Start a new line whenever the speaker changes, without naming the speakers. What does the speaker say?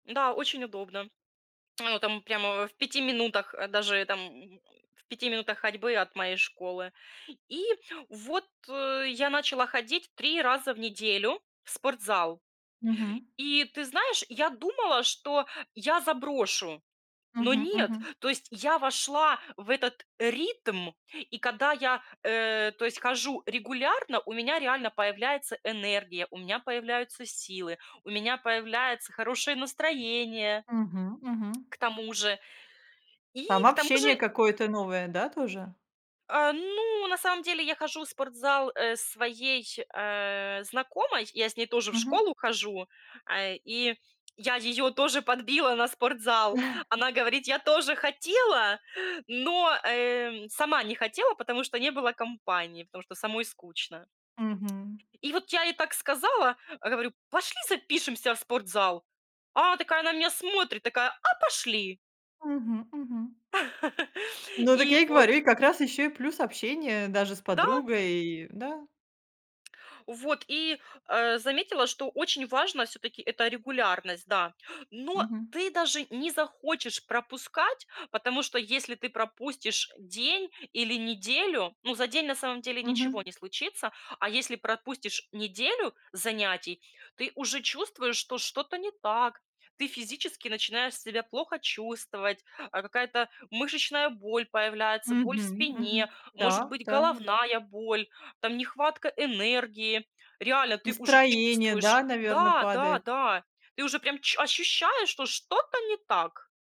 Да, очень удобно. Ну, там прямо в 5 минутах, даже там, м, в 5 минутах ходьбы от моей школы. И вот, э, я начала ходить 3 раза в неделю в спортзал.
Мгм.
И ты знаешь, я думала, что я заброшу, но
Мгм,
нет,
мгм.
то есть я вошла в этот ритм и когда я, э, то есть хожу регулярно, у меня реально появляется энергия, у меня появляются силы, у меня появляется хорошее настроение.
Мгм, мгм.
К тому же и
Там
к тому
общение
же
какое-то новое, да, тоже?
Э, ну, на самом деле, я хожу в спортзал, э, своей, э, знакомой, я с ней тоже в
Мгм.
школу хожу, а, и я её тоже подбила на спортзал. Она говорит: "Я тоже хотела, но, э, сама не хотела, потому что не было компании, потому что самой скучно".
Мгм.
И вот я ей так сказала, говорю: "Пошли, запишемся в спортзал". А она такая на меня смотрит, такая: "А, пошли!"
Мгм, мгм. Ну, так
И
я и
вот
говорю, и как раз еще и плюс общение даже с
Да.
подругой, да.
Вот, и, а, заметила, что очень важно все-таки это регулярность, да, но
Мгм.
ты даже не захочешь пропускать. Потому что, если ты пропустишь день или неделю, ну, за день, на самом деле, ничего
Мгм.
не случится. А если пропустишь неделю занятий, ты уже чувствуешь, что что-то не так. Ты физически начинаешь себя плохо чувствовать: а какая-то мышечная боль появляется, боль в
Мгм, мгм.
спине, может
Да,
быть,
да.
головная боль, там, нехватка энергии. Реально ты уже
Настроение, да,
чувствуешь,
наверно,
да, да,
падает.
да, ты уже прям чу ощущаешь, что что-то не так.